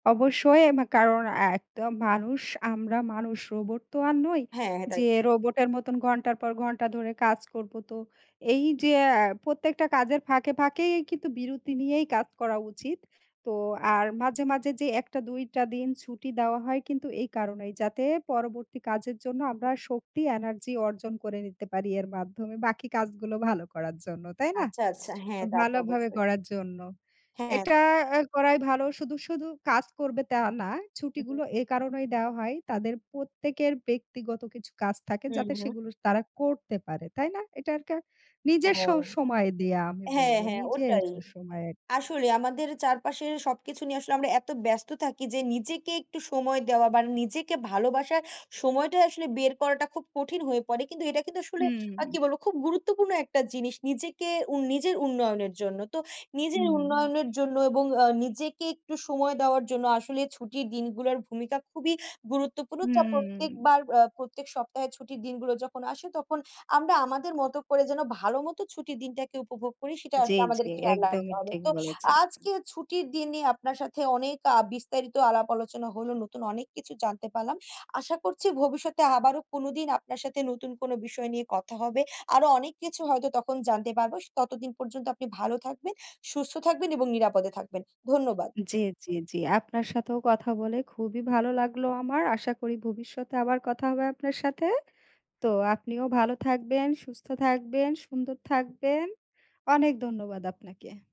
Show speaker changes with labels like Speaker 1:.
Speaker 1: অবশ্যই, মা কারণ এ একদম মানুষ, আমরা মানুষ রোবট তো আর নই
Speaker 2: হ্যাঁ, তা
Speaker 1: যে রোবটের মতন ঘন্টার পর ঘন্টা ধরে কাজ করব তো। এই যে আ প্রত্যেকটা কাজের ফাঁকে, ফাঁকেই কিন্তু বিরতি নিয়েই কাজ করা উচিত। তো আর মাঝে, মাঝে যে ১ টা ২ টা দিন ছুটি দেওয়া হয় কিন্তু এই কারণেই যাতে পরবর্তী কাজের জন্য আমরা শক্তি energy অর্জন করে নিতে পারি এর মাধ্যমে বাকি কাজগুলো ভালো করার জন্য। তাই না?
Speaker 2: আচ্ছা, আচ্ছা হ্যাঁ, তা তো
Speaker 1: ভালোভাবে
Speaker 2: অবশ্যই।
Speaker 1: করার জন্য।
Speaker 2: হ্যাঁ।
Speaker 1: এটা করাই ভালো। শুধু, শুধু কাজ করবে তা না।
Speaker 2: উ
Speaker 1: ছুটিগুলো
Speaker 2: হু।
Speaker 1: এ কারণেই দেওয়া হয় তাদের প্রত্যেকের ব্যক্তিগত কিছু কাজ থাকে
Speaker 2: হুম,
Speaker 1: যাতে
Speaker 2: হু।
Speaker 1: সেগুলো তারা করতে পারে। তাই না? এটা আর কা নিজের স
Speaker 2: হুম।
Speaker 1: সময় দিয়ে আমি
Speaker 2: হ্যাঁ,
Speaker 1: বলব
Speaker 2: হ্যাঁ
Speaker 1: নিজের
Speaker 2: ওটাই।
Speaker 1: সময় আরকি।
Speaker 2: আসলে আমাদের চারপাশের সবকিছু নিয়ে আসলে আমরা এত ব্যস্ত থাকি যে নিজেকে একটু সময় দেওয়া বা নিজেকে ভালোবাসার সময়টা আসলে বের করাটা খুব কঠিন হয়ে পড়ে। কিন্তু এটা কিন্তু আসলে আ
Speaker 1: হুম।
Speaker 2: কি বলব খুব গুরুত্বপূর্ণ একটা জিনিস নিজেকে উ নিজের উন্নয়নের জন্য। তো নিজের
Speaker 1: হুম, হুম।
Speaker 2: উন্নয়নের জন্য এবং আ নিজেকে একটু সময় দেওয়ার জন্য আসলে ছুটির দিনগুলোর ভূমিকা খুবই গুরুত্বপূর্ণ। যা
Speaker 1: হুম।
Speaker 2: প্রত্যেকবার আ প্রত্যেক সপ্তাহে ছুটির দিনগুলো যখন আসে তখন আমরা আমাদের মতো করে যেন ভালোমতো ছুটির দিনটাকে উপভোগ করি সেটা
Speaker 1: জি,
Speaker 2: আসলে
Speaker 1: জি
Speaker 2: আমাদের খেয়াল
Speaker 1: একদমই
Speaker 2: রাখতে হবে।
Speaker 1: ঠিক
Speaker 2: তো
Speaker 1: বলেছেন।
Speaker 2: আজকে ছুটির দিন নিয়ে আপনার সাথে অনেক আ বিস্তারিত আলাপ আলোচনা হলো। নতুন অনেক কিছু জানতে পারলাম। আশা করছি ভবিষ্যতে আবারও কোনোদিন আপনার সাথে নতুন কোনো বিষয় নিয়ে কথা হবে। আরও অনেক কিছু হয়তো তখন জানতে পারবো। স ততদিন পর্যন্ত আপনি ভালো থাকবেন, সুস্থ থাকবেন এবং নিরাপদে থাকবেন। ধন্যবাদ।
Speaker 1: জি, জি, জি আপনার সাথেও কথা বলে খুবই ভালো লাগলো আমার। আশা করি ভবিষ্যতে আবার কথা হবে আপনার সাথে। তো আপনিও ভালো থাকবেন, সুস্থ থাকবেন, সুন্দর থাকবেন। অনেক ধন্যবাদ আপনাকে।